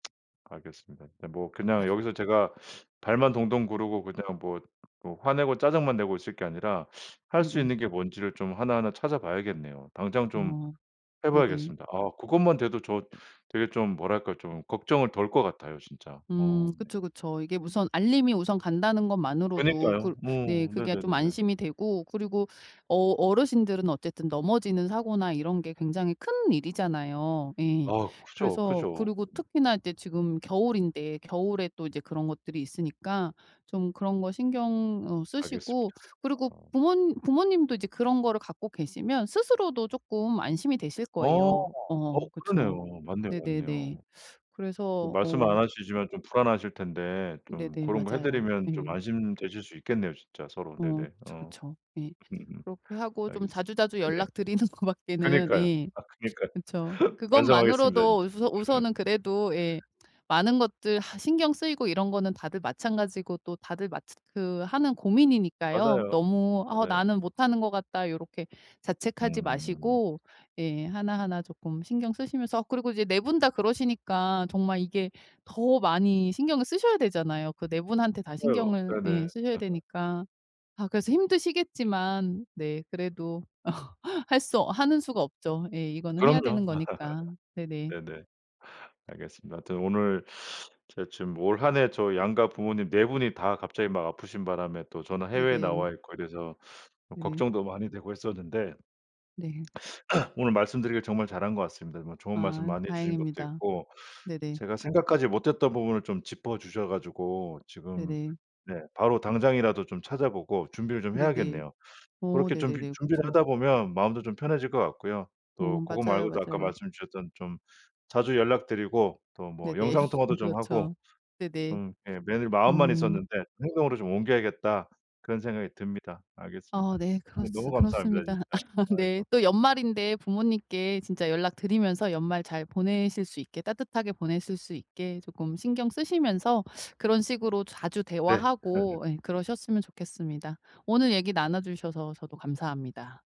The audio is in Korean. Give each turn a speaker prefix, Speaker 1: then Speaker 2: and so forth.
Speaker 1: 알겠습니다. 뭐 그냥 여기서 제가 발만 동동 구르고 그냥 뭐 뭐 화내고 짜증만 내고 있을 게 아니라 할 수
Speaker 2: 네네.
Speaker 1: 있는 게 뭔지를 좀 하나하나 찾아봐야겠네요. 당장 좀
Speaker 2: 어.
Speaker 1: 해
Speaker 2: 네네.
Speaker 1: 봐야겠습니다. 아 그것만 돼도 저 되게 좀 뭐랄까 좀 걱정을 덜 거 같아요, 진짜. 어.
Speaker 2: 음 그쵸, 그쵸. 이게 우선 알림이 우선 간다는 것만으로도 그
Speaker 1: 그러니까요.
Speaker 2: 네
Speaker 1: 어
Speaker 2: 그게 좀
Speaker 1: 네네네네.
Speaker 2: 안심이 되고 그리고 어 어르신들은 어쨌든 넘어지는 사고나 이런 게 굉장히 큰 일이잖아요. 예.
Speaker 1: 아 크죠,
Speaker 2: 그래서
Speaker 1: 크죠.
Speaker 2: 그리고 특히나 이제 지금 겨울인데 겨울에 또 이제 그런 것들이 있으니까 좀 그런 거 신경 어 쓰시고
Speaker 1: 알겠습니다.
Speaker 2: 그리고
Speaker 1: 아.
Speaker 2: 부모 부모님도 이제 그런 거를 갖고 계시면 스스로도 쪼끔 안심이 되실
Speaker 1: 어
Speaker 2: 거예요.
Speaker 1: 어
Speaker 2: 어 그쵸.
Speaker 1: 그러네요. 맞네요,
Speaker 2: 네네네.
Speaker 1: 맞네요. 뭐
Speaker 2: 그래서
Speaker 1: 말씀
Speaker 2: 어
Speaker 1: 안 하시지만 좀 불안하실 텐데 좀
Speaker 2: 네네.
Speaker 1: 그런 거 해
Speaker 2: 맞아요.
Speaker 1: 드리면 좀
Speaker 2: 예.
Speaker 1: 안심되실 수 있겠네요 진짜 서로.
Speaker 2: 어
Speaker 1: 네네
Speaker 2: 그쵸,
Speaker 1: 어.
Speaker 2: 그쵸. 예.
Speaker 1: 음음.
Speaker 2: 그렇게 하고 좀
Speaker 1: 알겠습
Speaker 2: 자주자주
Speaker 1: 네네.
Speaker 2: 연락 드리는 것 밖에는
Speaker 1: 그니까요.
Speaker 2: 예
Speaker 1: 아 그니까요.
Speaker 2: 그쵸.
Speaker 1: 반성하겠습니다
Speaker 2: 그것만으로도
Speaker 1: 진짜.
Speaker 2: 우서 우선은 예 그래도 많은 것들 신경 쓰이고 이런 거는 다들 마찬가지고 또 다들 마츠 그 하는 고민이니까요.
Speaker 1: 맞아요.
Speaker 2: 너무 어
Speaker 1: 맞아요.
Speaker 2: '나는 못하는 거 같다.' 요렇게 자책하지
Speaker 1: 음.
Speaker 2: 마시고 예 하나하나 쪼끔 신경 쓰시면서 그리고 이제 4 분 다 그러시니까 정말 이게 더 많이 신경을 쓰셔야 되잖아요. 그 4 분한테 다
Speaker 1: 맞아요.
Speaker 2: 신경을
Speaker 1: 네네.
Speaker 2: 예 쓰셔야 되니까 아 그래서 힘드시겠지만 네 그래도 어 할 수 하는 수가 없죠. 예. 이거는 해야 되는
Speaker 1: 그럼요.
Speaker 2: 거니까. 네네.
Speaker 1: 네네. 알겠습니다. 하여튼 오늘 제가 지금 올 한 해 저 양가 부모님 4 분이 다 갑자기 막 아프신 바람에 또 저는 해외에
Speaker 2: 네네.
Speaker 1: 나와 있고 이래서 또
Speaker 2: 네.
Speaker 1: 걱정도 많이 되고 했었는데.
Speaker 2: 네.
Speaker 1: 오늘 말씀드리기를 정말 잘한 것 같습니다. 뭐 좋은 말씀
Speaker 2: 아
Speaker 1: 많이 해 주신 것도
Speaker 2: 다행입니다.
Speaker 1: 있고
Speaker 2: 네네.
Speaker 1: 제가 생각하지 못했던 부분을 좀 짚어주셔 가지고 지금
Speaker 2: 네네.
Speaker 1: 네 바로 당장이라도 좀 찾아보고 준비를 좀
Speaker 2: 네네.
Speaker 1: 해야겠네요.
Speaker 2: 어
Speaker 1: 고렇게 준비
Speaker 2: 네네네.
Speaker 1: 준비를
Speaker 2: 그쵸.
Speaker 1: 하다 보면 마음도 좀 편해질 것 같고요. 또
Speaker 2: 어
Speaker 1: 고거
Speaker 2: 맞아요,
Speaker 1: 말고도 아까
Speaker 2: 맞아요.
Speaker 1: 말씀 주셨던 좀 자주 연락드리고 또 뭐
Speaker 2: 네네.
Speaker 1: 영상 통화도 좀 하고
Speaker 2: 그렇죠. 네네.
Speaker 1: 좀 예 매일 마음만
Speaker 2: 음.
Speaker 1: 있었는데 '행동으로 좀 옮겨야겠다.' 그런 생각이 듭니다. 알겠습니다.
Speaker 2: 어 네. 그렇
Speaker 1: 오늘 너무 감사합니다
Speaker 2: 그렇습니다.
Speaker 1: 진짜.
Speaker 2: 아 네
Speaker 1: 아이고.
Speaker 2: 또 연말인데 부모님께 진짜 연락 드리면서 연말 잘 보내실 수 있게 따뜻하게 보내실 수 있게 쪼끔 신경 쓰시면서 그런 식으로 자주
Speaker 1: 네. 아 네.
Speaker 2: 대화하고 예 그러셨으면 좋겠습니다. 오늘 얘기 나눠주셔서 저도 감사합니다.